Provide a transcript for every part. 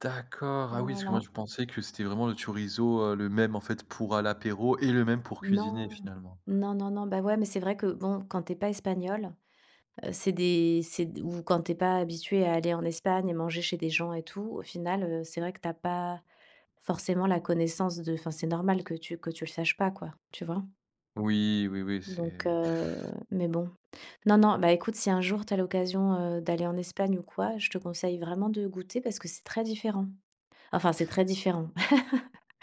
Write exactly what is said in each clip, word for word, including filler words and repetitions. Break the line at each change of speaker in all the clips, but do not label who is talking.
D'accord, ah oui, parce que moi
Voilà.
je pensais que c'était vraiment le chorizo, heu, le même en fait, pour à l'apéro et le même pour cuisiner
Non,
finalement.
non, non, non, bah, ouais, mais, c'est vrai que bon, quand tu es pas espagnole, heu, c'est des c'est d ou quand tu es pas habitué à aller en Espagne et manger chez des gens et tout, au final, heu, c'est vrai que tu as pas forcément la connaissance de enfin c'est normal que tu que tu le saches pas, quoi, tu vois?
Oui, oui, oui,
Donc
c'est
heu, mais bon, non, non, bah, écoute, si un jour tu as l'occasion, heu, d'aller en Espagne ou quoi, je te conseille vraiment de goûter parce que c'est très différent. Enfin, c'est très différent.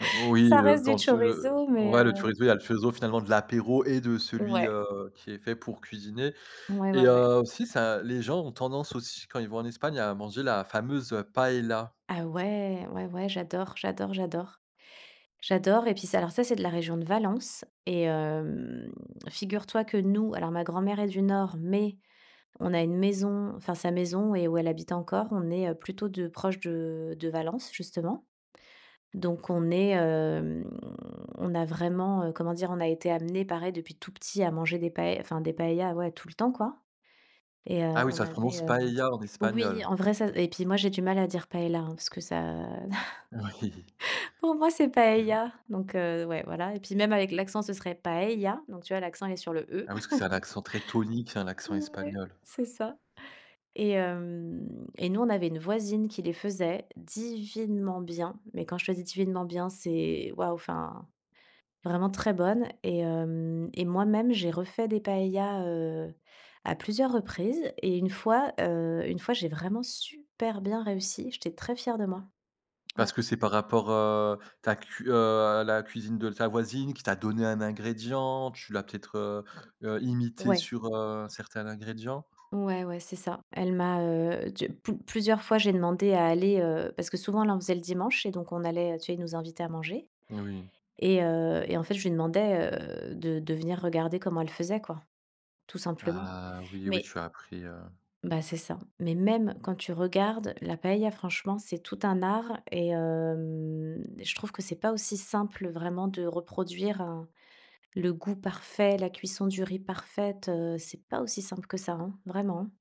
Heu, oui,
Ça
heu,
reste du
quand le
chorizo, mais,
ouais le
heu
chorizo, il y a le chorizo finalement de l'apéro et de celui,
Ouais.
heu, qui est fait pour cuisiner.
Ouais,
Et
ouais, ouais.
heu, aussi ça les gens ont tendance aussi quand ils vont en Espagne à manger la fameuse, heu, paëlla.
Ah ouais! Ouais, ouais, j'adore, j'adore, j'adore. J'adore, et puis ça alors, c'est de la région de Valence et hem, figure toi que nous, alors ma grand mère est du Nord, mais on a une maison, enfin sa maison et où elle habite encore, on est, heu, plutôt de proches de de Valence, justement. Donc on est, hem, on a vraiment, heu, comment dire? On a été amené pareil depuis tout petit à manger des paë enfin des paëlla tout le temps, quoi. Et heu,
Ah oui,
on
ça se
avait,
prononce
heu,
paëlla en
oui,
espagnol.
en vrai ça et puis, moi, j'ai du mal à dire paëlla, hein parce que ça
Oui.
pour moi, c'est
Mmh mh.
paëlla. Donc, heu, ouais, voilà. Et puis même avec l'accent, ce serait paëlla. Donc tu vois, l'accent est sur le E.
Ah oui, parce que c'est un accent très tonique, hein, l'accent
Ouais,
espagnol.
c'est ça. Et hem, et nous, on avait une voisine qui les faisait divinement bien. Mais quand je te dis divinement bien, c'est, waouh, enfin, vraiment très bonne. Et hem, et moi même, j'ai refait des paëlla, heu, à plusieurs reprises, et une fois, heu, une fois, j'ai vraiment super bien réussi. J'étais très fière de moi.
Parce
Ouais.
que c'est par rapport, heu, ta cu heu, à la cuisine de ta voisine qui t'a donné un ingrédient, tu l'as peut-être, heu, heu, imitée
Ouais.
sur, heu, certains ingrédients.
Ouais, ouais, c'est ça. Elle m'a, heu, tu plus plusieurs fois, j'ai demandé à aller heu, parce que souvent, elle en faisait le dimanche et donc on allait, heu, tu sais, ils nous invitaient à manger.
N oui.
Et heu, et en fait, je lui demandais, heu, de de venir regarder comment elle faisait quoi, tout simplement.
Ah! Oui, oui,
Mais
tu as appris, heu
bah, c'est ça, mais même quand tu regardes la paëlla, franchement, c'est tout un art et hem, je trouve que c'est pas aussi simple, heu, vraiment de reproduire, heu, le goût parfait, la cuisson du riz parfaite, heu. C'est pas aussi simple que ça, hein, vraiment, hein.